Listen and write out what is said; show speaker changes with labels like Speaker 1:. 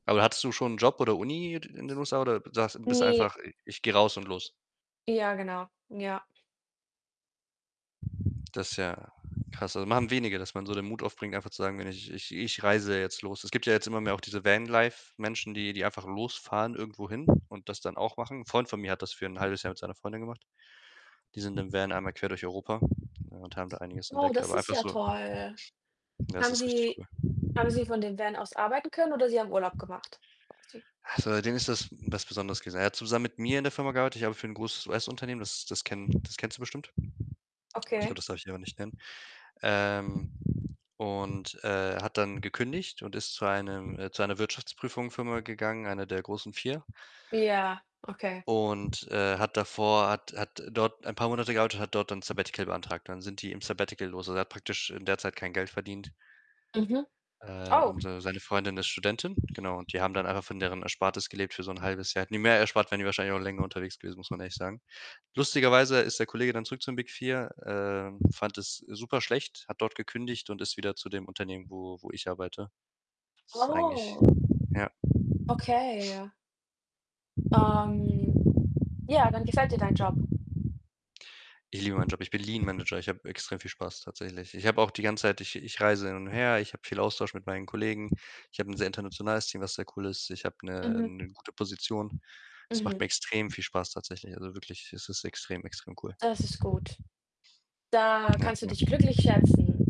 Speaker 1: Aber hattest du schon 'n Job oder Uni, d in den USA oder sagst bist
Speaker 2: Ne.
Speaker 1: einfach ich gehe raus und los?
Speaker 2: Ja, genau. Ja.
Speaker 1: Das ist ja krass. Also, machen wenige, dass man so den Mut aufbringt, einfach zu sagen: „Wenn ich ich ich reise jetzt los.“ Es gibt ja jetzt immer mehr auch diese Vanlife-Menschen, die die einfach losfahren irgendwohin und das dann auch machen. Freund von mir hat das für 'n 0,5 Jahr mit seiner Freundin gemacht. Die sind im Van einmal quer durch Europa und haben da einiges
Speaker 2: Oh,
Speaker 1: entdeckt,
Speaker 2: das
Speaker 1: aber
Speaker 2: ist
Speaker 1: einfach
Speaker 2: ja
Speaker 1: so.
Speaker 2: toll.
Speaker 1: Das
Speaker 2: Haben
Speaker 1: ist richtig
Speaker 2: sie
Speaker 1: cool.
Speaker 2: haben sie von dem Van aus arbeiten können oder sie haben Urlaub gemacht? [unintelligible]
Speaker 1: Ha, für den ist das was besonderes. [unintelligible] Er hat zusammen mit mir in der Firma gearbeitet. Ich arbeite für 'n großes US-Unternehmen, das das kennen das kennst du bestimmt. Ich glaube,
Speaker 2: Okay.
Speaker 1: das sollte ich lieber nicht nennen. Ähm, und, äh, hat dann gekündigt und ist zu einem, äh zu einer Wirtschaftsprüfungfirma gegangen, einer der großen 4.
Speaker 2: Ja, okay.
Speaker 1: Und, äh, hat davor hat hat dort ein paar Monate gearbeitet und hat dort dann Sabbatical beantragt. Dann sind die im Sabbatical los. Also, er hat praktisch in der Zeit kein Geld verdient.
Speaker 2: Mhm.
Speaker 1: Äh,
Speaker 2: Oh.
Speaker 1: und seine seine Freundin ist Studentin, genau. Die haben dann einfach von deren Erspartes gelebt für so 'n 0,5 Jahr. Hätten die mehr erspart, wären die wahrscheinlich auch länger unterwegs gewesen, muss man ehrlich sagen. Lustigerweise ist der Kollege dann zurück zu den „Big 4“, ähm, fand es superschlecht, hat dort gekündigt und ist wieder zu dem Unternehmen, wo wo ich arbeite. Ist eigentlich,
Speaker 2: Oh.
Speaker 1: ja
Speaker 2: Okay, ja. Ähm, ja, dann gefällt dir dein Job.
Speaker 1: Ich liebe meinen Job. Ich bin Lean Manager. Ich habe extrem viel Spaß tatsächlich. Ich habe auch die ganze Zeit ich ich reise hin und her, ich habe viel Austausch mit meinen Kollegen. Ich habe 'n sehr internationales Team, was sehr cool ist. Ich habe 'ne,
Speaker 2: Mhm.
Speaker 1: ähm, 'ne gute Position. Es macht
Speaker 2: Mhm.
Speaker 1: mir extrem viel Spaß tatsächlich. Also, wirklich, es ist extrem, extrem cool.
Speaker 2: Das ist gut. Da
Speaker 1: Ja.
Speaker 2: kannst du dich
Speaker 1: Ja.
Speaker 2: glücklich schätzen.